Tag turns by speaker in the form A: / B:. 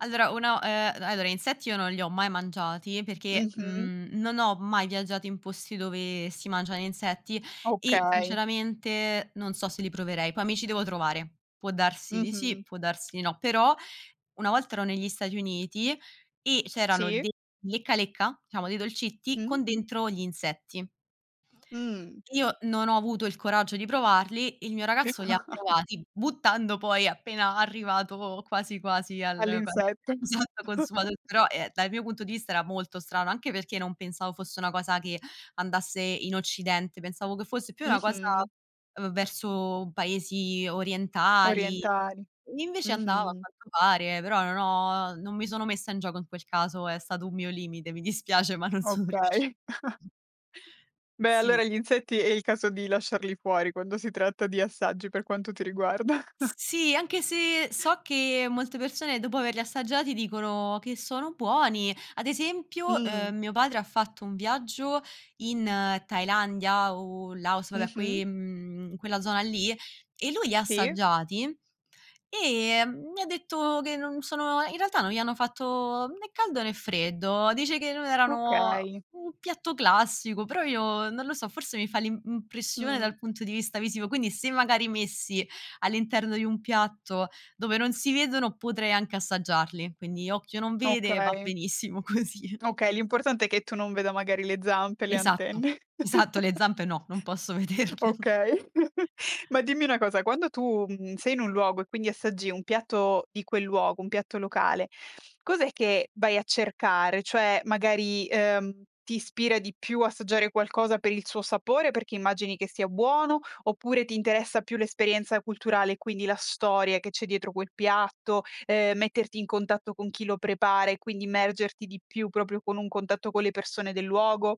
A: Allora, uno ehm, allora, insetti io non li ho mai mangiati perché,
B: Mh-mh.
A: mhmm, non ho mai viaggiato in posti dove si mangiano insetti e
B: Okay.
A: sinceramente non so se li proverei. Poi mi ci devo trovare. Può darsi di
B: Mh-mh.
A: sì, può darsi di no, però una volta ero negli Stati Uniti e c'erano
B: Sì.
A: dei lecca lecca, diciamo dei dolcetti,
B: Mh.
A: con dentro gli insetti.
B: Mh.
A: Io non ho avuto il coraggio di provarli, il mio ragazzo li ha provati, buttando poi appena arrivato quasi quasi al
B: All'insetto.
A: [unintelligible] esatto consumato però ehm, dal mio punto di vista era molto strano, anche perché non pensavo fosse una cosa che andasse in Occidente, pensavo che fosse più una cosa
B: Mh-mh.
A: v verso paesi orientali.
B: Orientali.
A: Invece andava a
B: Mh-mh.
A: quanto pare, però non ho non mi sono messa in gioco in quel caso, è stato un mio limite, mi dispiace, ma non sono riusci
B: Okay. Beh
A: Sì.
B: allora gli insetti è il caso di lasciarli fuori quando si tratta di assaggi per quanto ti riguarda.
A: S sì. Anche se so che molte persone dopo averli assaggiati dicono che sono buoni. Ad esempio,
B: Mh.
A: uhm, mio padre ha fatto un viaggio in Thailandia o in Laos, vabbè que
B: Mh-mh.
A: ehm, quella zona lì e lui li
B: Sì.
A: assaggiati e mi ha detto che non sono in realtà non gli hanno fatto né caldo né freddo. Dice che non erano
B: Okay.
A: un piatto classico, però io non lo so, forse mi fa l'im impressione
B: Mh.
A: dal punto di vista visivo, quindi se magari messi all'interno di un piatto dove non si vedono potrei anche assaggiarli, quindi occhio non vede va
B: Okay.
A: benissimo così.
B: Okay, l'importante è che tu non veda magari le zampe, le
A: Esatto,
B: antenne.
A: esatto le zampe no, non posso vederle.
B: Okay, ma dimmi una cosa, quando tu mhmm, sei in un luogo e quindi assaggi un piatto di quel luogo, un piatto locale, cos'è che vai a cercare? Cioè magari, ehm, ti ispira di più assaggiare qualcosa per il suo sapore, perché immagini che sia buono oppure ti interessa più l'esperienza culturale e quindi la storia che c'è dietro quel piatto, ehm metterti in contatto con chi lo prepara e quindi immergerti di più proprio con un contatto con le persone del luogo?